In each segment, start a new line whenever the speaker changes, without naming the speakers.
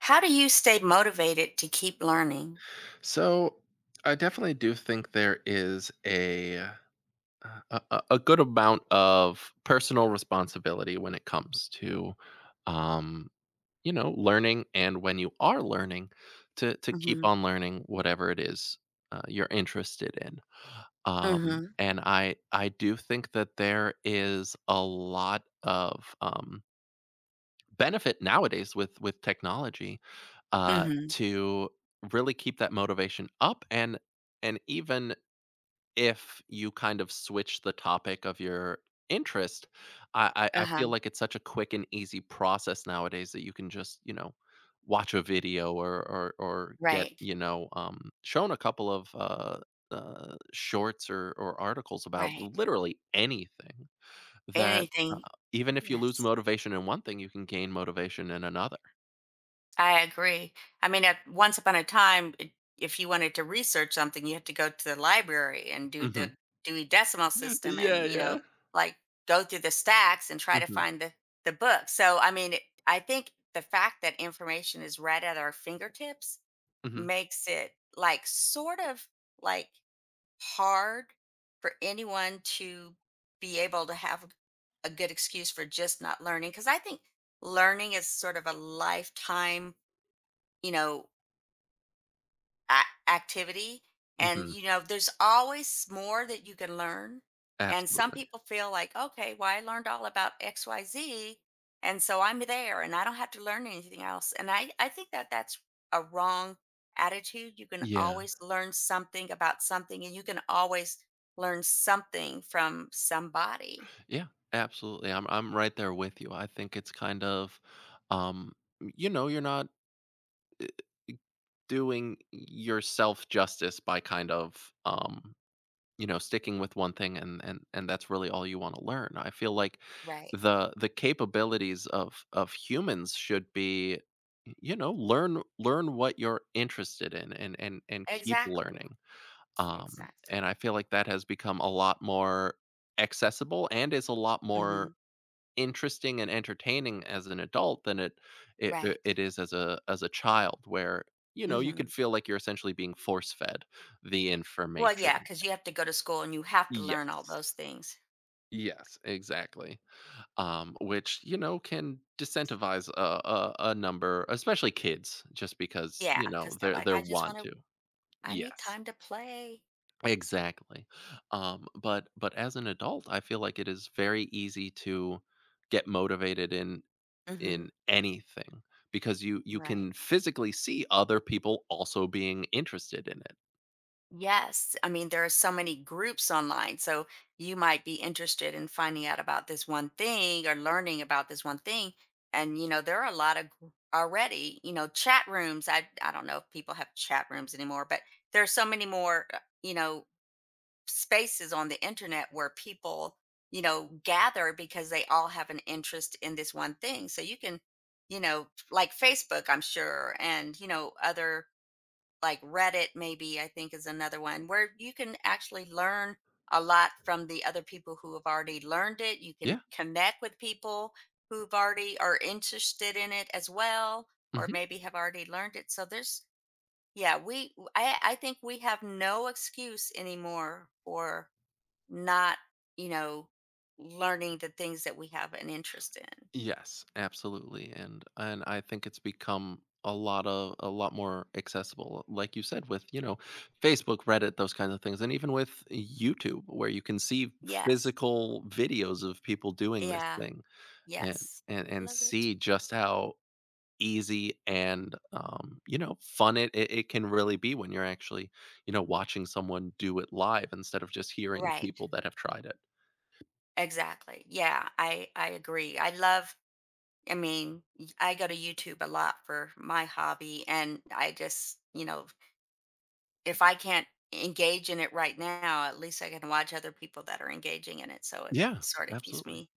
How do you stay motivated to keep learning?
So, I definitely do think there is a, uh uh, a a a good amount of personal responsibility when it comes to, um, you know, learning, and when you are learning to to keep
Mhm.
on learning whatever it is, uh, you're interested in. Um,
Mhm.
and I I do think that there is a lot of, um benefit, nowadays, with with technology, uh,
Mhm.
to really keep that motivation up and and even if you kind of switch the topic of your interest, I I I feel
Uh-huh.
like it's such a quick and easy process nowadays that you can just, you know, watch a video or or or get,
Right.
you know, um, shown a couple of, uh uh, shorts or or articles about
Right.
literally anything that,
Anything.
uh, even if you lose
Yes.
motivation in one thing, you can gain motivation in another.
I agree. I mean, at once upon a time, it if you wanted to research something, you had to go to the library and do
Mhm.
the Dewey Decimal System
Yeah,
and, you
yeah.
know, like, go through the stacks and try to
Mhm.
find the the book. So, I mean, it I think the fact that information is right at our fingertips
Mhm.
makes it, like, sort of, like, hard for anyone to be able to have a go a good excuse for just not learning. 'Cause I think learning is sort of a lifetime, you know a activity and,
Mhm.
you know, there's always s more that you can learn, and some
Absolutely.
people feel like, "Okay, well, I learned all about XYZ, and so I'm there, and I don't have to learn anything else." And I I think that that's a wrong attitude. You can
Yeah.
always learn something about something, and you can always learn something from somebody.
Yeah, absolutely. I'm I'm right there with you. I think it's kind of, um, m you know, you're not, u uh, doing y y yourself justice by kind of, um, you know, sticking with one thing and and and that's really all you wanna learn. I feel like
Right.
the the capabilities of of humans should be, m you know, learn learn what you're interested in and and and keep
Exactly.
learning. Um, and
Exactly.
I feel like that has become a lot more accessible and is a lot more
Mhm.
interesting and entertaining as an adult than it it
Right.
it is as a as a child, where, you know, you could
Mhm.
feel like you're essentially being force-fed the
Well, yeah,
information.
'cause you have to go to school, and you have to learn all
Yes.
those things.
Yes, exactly, um, which, you know, can disincentivize a a a number, especially kids, just because,
Yeah,
you know,
'cause they're
their
like,
their
"I just
want
wanna
to.
I need
Yes.
time to play."
Exactly, um, but but as an adult, I feel like it is very easy to get motivated in in
Mhm.
anything because you you
Right.
can physically see other people also being interested in it.
Yes. I mean, there are so many groups online, so, you might be interested in finding out about this one thing or learning about this one thing and, you know, there are a lott g already, you know, chat rooms, I I don't know if people have chat rooms anymore, but there are so many more, uh you know, spaces on the internet where people, you know, gather because they all have an interest in this one thing. So you can, you know like Facebook, I'm sure, and, you know, other like Reddit, maybe, I think is another one, where you can actually learn a lot from the other people who have already learned it. You can
Yeah.
connect with people who've already are interested in it as well, or
Mhm.
maybe have already learned it. So there's yeah, we I I think we have no excuse anymore for not, you know, learning the things that we have an interest in.
Yes, absolutely, and and I think it's become a lotta a lot more accessible, like you said, with, you know, Facebook, Reddit, those kinds of things, and even with YouTube, where you can see
Yes.
physical videos of people doing this
Yeah,
thing and
yes,
and and
love it.
see just how easy and, um, you know, fun it it it can really be when you're actually, you know, watching someone do it live instead of just hearing
Right.
people that have tried it.
Exactly. Yeah, I I agree. I love I mean, y I go to YouTube a lot for my hobby, and I just, you know v If I can't engage in it right now at least I can watch other people that are engaging in it, so it
Yeah,
sorta keeps
absolutely.
me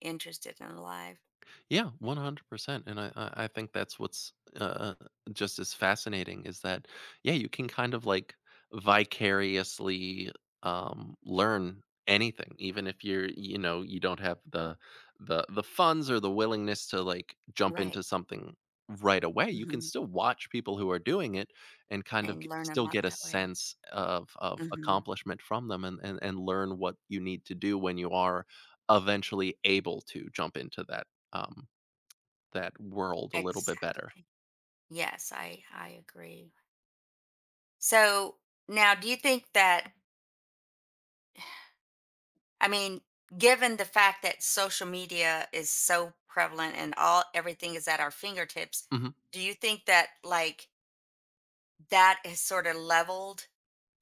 interested and alive.
Yeah, 100%, and I I I think that's what's, u uh, just as fascinating is that, yeah, you can kind of like vicariously, um, learn anything, even if you're, you know, you don't have the the the funds, or the willingness to like jump
Right.
into something right away, you can
Mhm.
still watch people who are doing it and kind of
And
g
learn a
still
lot
get a
that way.
sense o of of
Mhm.
accomplishment from them and and and learn what you need to do when you are eventually able to jump into that, um, that world a little bit better.
Exactly. Yes, I I agree. So, now, do you think that I mean, given the fact that social media is so prevalent and all, everything is at our fingertips,
Mhm.
do you think that, like That is sorta leveled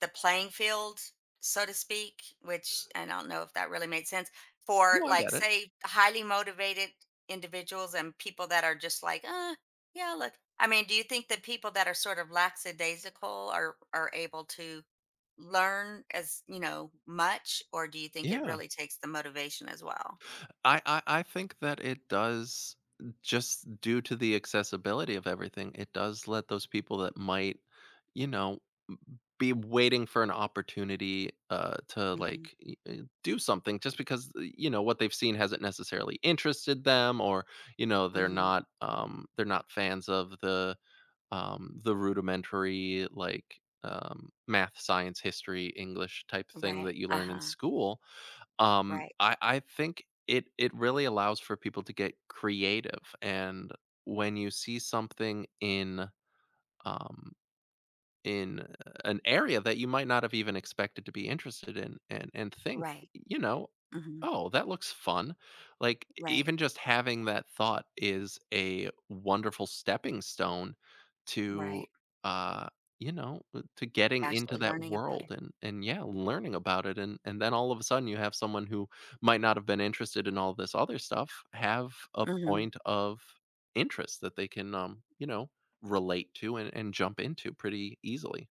the playing field, so to speak, which and I don't know if that really made sense? For,
No, I
like,
get it.
say, highly motivated individuals and people that are just like, "Uh, yeah," like I mean, do you think the people that are sort of lackadaisical are are able to learn as, you know, much? Or do you think it
Yeah.
really takes the motivation as well?
I I I think that it does just due to the accessibility of everything, it does let those people that might, you know, be waiting for an opportunity, uh, to,
Mhm.
like, i eh, do something just because, i you know, what they've seen hasn't necessarily interested them or, you know, they're
Mhm
not, um they're not fans of the, um the rudimentary, like, um, math, science, history, English type thing that
Right,
you learn in
uh-huh.
school. Um,
Right.
I I think it it really allows for people to get creative and when you see something in, um in an area that you might not have even expected to be interested in and and think,
Right.
you know,
Mhm
"Oh, that looks fun." Like, e
Right.
even just having that thought is a wonderful stepping stone to,
Right.
uh, you know uh, to getting into
Actually
that
learning about
world
it.
and and, yeah, learning about it, and and then all of a sudden you have someone who might not have been interested in all this other stuff have a
Mhm.
point of interest that they can, um, you know, relate to and and jump into pretty easily.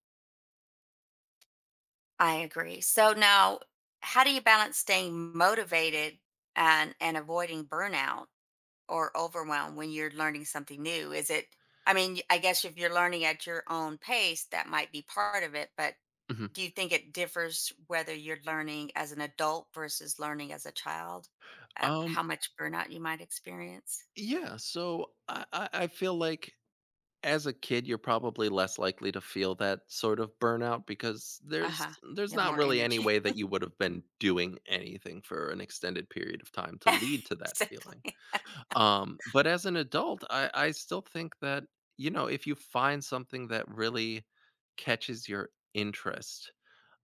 I agree. So now, how do you balance staying motivated and and avoiding burnout or overwhelm when you're learning something new? Is it I mean, y I guess if you're learning at your own pace, that might be part of it, but
Mhm.
do you think it differs whether you're learning as an adult versus learning as a child, uh,
Um
how much burnout you might experience?
Yeah, so I I I feel like as a kid you're probably less likely to feel that sort of burnout because there's
Uh-huh. You
there's
have
not
more
really any
energy.
way that you would've been doing anything for an extended period of time to lead to that feeling.
Exactly.
Um, but as an adult I I still think that, you know, if you find something that really catches your interest,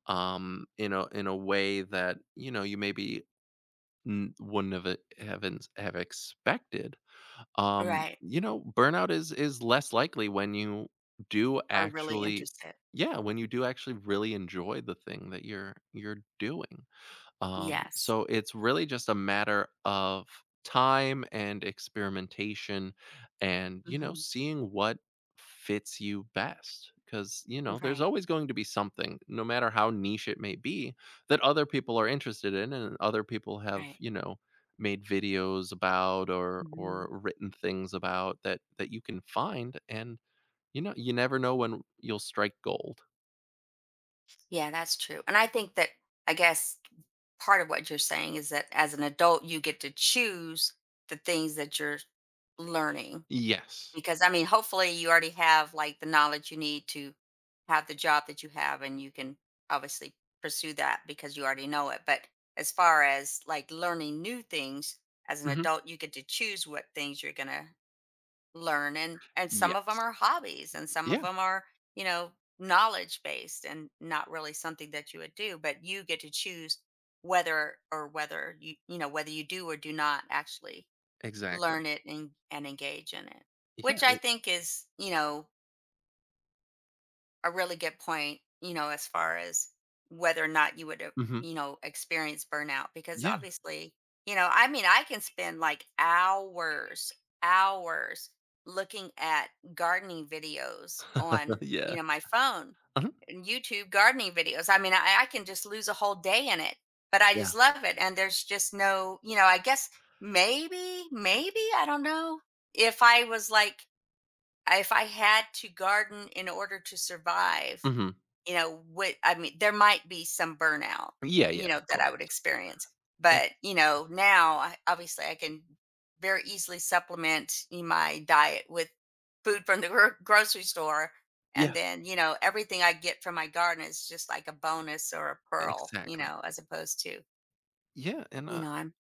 um, in a in a way that, you know, you maybe n wouldn't have ev haven't have expected, um,
Right.
you know, burnout is is less likely when you do
Are really
actually
interested.
Yeah, when you do actually really enjoy the thing that you're you're doing. Um,
Yes.
so it's really just a matter of time and experimentation and, you know,
Mhm.
seeing what fits you best, 'cause, you know, there's
Right.
always going to be something, no matter how niche it may be, that other people are interested in and other people have,
Right.
you know, made videos about or
Mhm.
or written things about that that you can find and, you kno you never know when r you'll strike gold.
Yeah, that's true. And I think that, I guess, part of what you're saying is that as an adult, you get to choose the things that you're j learning,
Yes.
because, I mean, hopefully you already have, like, the knowledge you need to have the job that you have, and you can obviously pursue that because you already know it. But as far as, like, learning new things, as an
Mhm.
adult, you get to choose what things you're gonna learn and and some
Yes.
of 'em are hobbies, and some of
Yeah.
'em are, you know, knowledge-based and not really something that you would do. But you get to choose whether or whether you you know whether you do or do not actually
Exactly.
learn it and and engage in it,
Yeah,
which I
it
think is, you know a really good point, you know, as far as whether or not you would, uh,
Mhm.
you know, experience burnout. Because
Yeah.
obviously, you know, I mean, I can spend like hours, hours looking at gardening videos on, you
Yeah.
know, my phone,
Uh-huh.
and YouTube gardening videos. I mean, I I can just lose a whole day in it, but I
Yeah.
just love it and there's just no you know, I guess maybe, maybe, I don't know, if I was like I if I had to garden in order to survive,
Mhm.
you know, what I mean, there might be some burnout,
Yeah, yeah,
you know,
of
that
course.
I would experience.
It
But, you know, now I obviously I can very easily supplement in my diet with food from the gr grocery store and
Yeah.
then, you know, everything I get from my garden is just like a bonus or a pearl, you
Exactly.
know, as opposed to
Yeah, and,
You
uh
know, I'm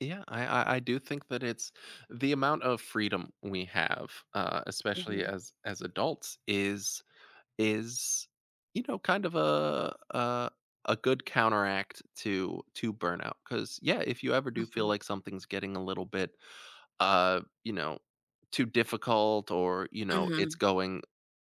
Yeah, I I I do think that it's the amount of freedom we have, uh, especially
Mhm.
as as adults is is, you know, kind of a a a good counteract to to burnout. 'Cause yeah, if you ever do feel
Mhm.
like something's getting a little bit, uh, you know, too difficult or, you know, it's
Mhm.
going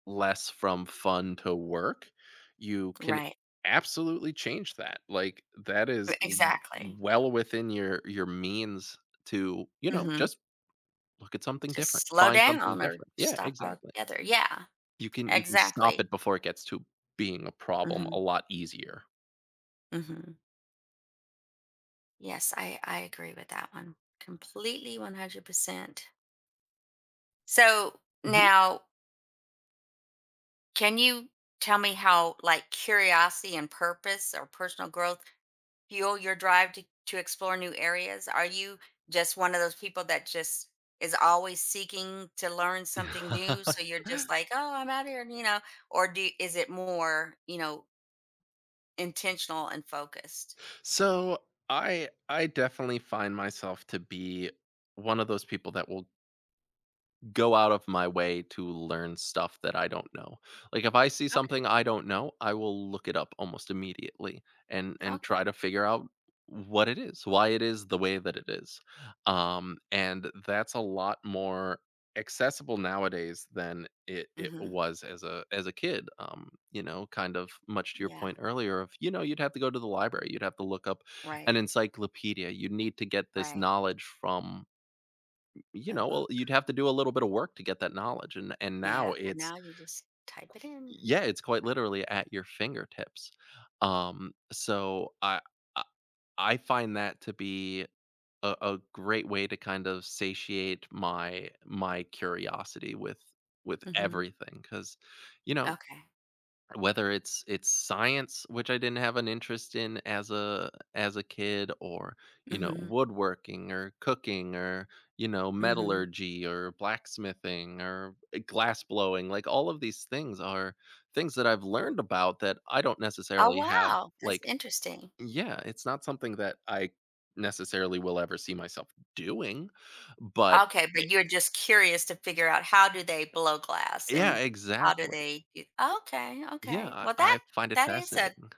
less from fun to work, you can
Right.
absolutely change that, like, that is
But
w w
exactly.
well within your your means to, you know,
Mhm.
just look at something different,
Just slow
find something
down or
different. Yeah,
stop
exactly.
altogether. Yeah.
You can you can stop
Exactly.
it before it gets to being a problem a
Mhm.
lot easier.
Mhm. Yes, I I agree with that one. Completely, 100%. So,
Mhm.
now can you tell me how, like, curiosity and purpose or personal growth fuel your drive to to explore new areas? Are you just one of those people that just is always seeking to learn something new, so you're just like, "Oh, I'm outta here," you know? Or do Is it more, you know Intentional and focused.
So I I definitely find myself to be one of those people that will go out of my way to learn stuff that I don't know, like, if I see
Okay.
something I don't know, I will look it up almost immediately and and try to
Okay.
figure out what it is, why it is the way that it is, um, and that's a lot more accessible nowadays than it it
Mhm.
was as a as a kid, um, you know, kind of much to your
Yeah.
point earlier of, you know, you'd have to go to the library, you'd have to look up an
Right.
encyclopedia you'd need to get this
Right.
knowledge from, m you
A
know,
book.
well, you'd have to do a little bit of work to get that knowledge and and now
Yeah, and
it's
now you just type it
y
in.
yeah, it's quite literally at your fingertips. Um, so I I I find that to be a a great way to kind of satiate my my curiosity with with
Mhm.
everything 'cause, you know,
Okay.
whether it's it's science which I didn't have an interest in as a as a kid or, you know,
Mhm.
woodworking, or cooking or, you know,
Mhm.
metallurgy or blacksmithing or, eh, glassblowing, like all of these things are things that I've learned about that I don't
Oh,
necessarily have,
wow! That's
like
interesting.
yeah, it's not something that I necessarily will ever see myself doing, but
Okay,
i
but you're just curious to figure out how do they blow glass
Yeah,
and how do
exactly.
they ge Okay,
Yeah,
okay,
I
well, that
I find it
that is a
fascinating.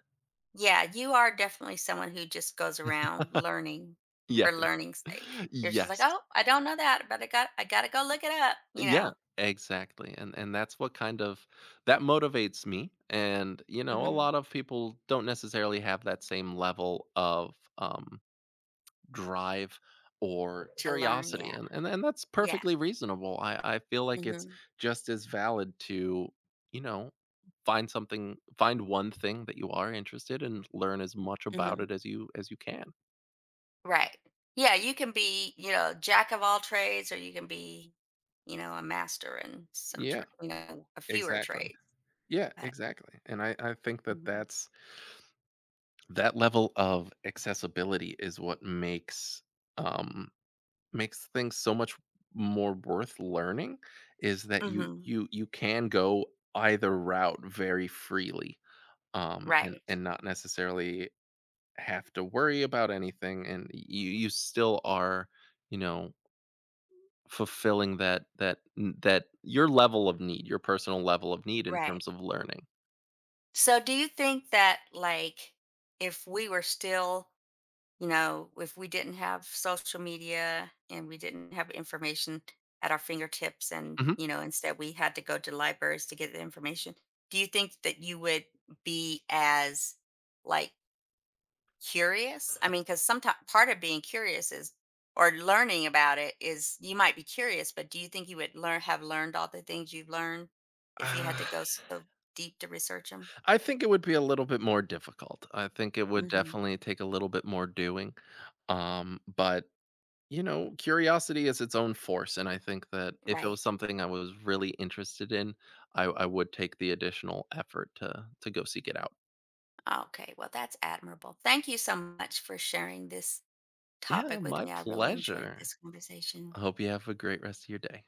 yeah, you are definitely someone who just goes around learning
Yes.
for learning's sake. You're just, like,
Yes.
"Oh, I don't know that, but I got I gotta go look it up," you
Yeah,
know?
exactly, and and that's what kind of that motivates me and, you know, a
Mhm.
lot of people don't necessarily have that same level of, um, drive or
To learn,
curiosity
yeah.
and and then that's
Yeah.
perfectly reasonable, I I feel like it's
Mhm.
just as valid to, you know, find something find one thing that you are interested and learn as much about
Mhm.
it as you as you can.
Right. Yeah, you can be, you know, jack of all trades or you can be, you know, a master in some
Yeah.
tra you know, a fewer
Exactly.
trade.
Yeah,
But
exactly, and I I think that
Mhm.
that's that level of accessibility is what makes um, makes things so much more worth learning, is that you
Mhm.
you you can go either route very freely, um, and
Right.
and not necessarily have to worry about anything and y you you still are, you know fulfilling that that n that your level of need your personal level of need in
Right.
terms of learning.
So, do you think that, like, if we were still you know, w if we didn't have social media and we didn't have information at our fingertips and,
Mhm.
you know, instead we had to go to libraries to get the information, do you think that you would be as, like curious? I mean, 'cause someti part of being curious is or learning about it is you might be curious, but do you think you would learn have learned all the things you've learned, if you had
Uh
to go so deep to research 'em?
I think it would be a little bit more difficult; I think it would
Mhm.
definitely take a little bit more doing. Um, but, you know, curiosity is its own force, and I think that if it
Right.
was something I was really interested in, I w I would take the additional effort to to go seek it out.
Ah okay, well, that's admirable. Thank you so much for sharing this
Yeah,
topic with
my
me. I really enjoyed
pleasure.
this conversation.
I hope you have a great rest of your day.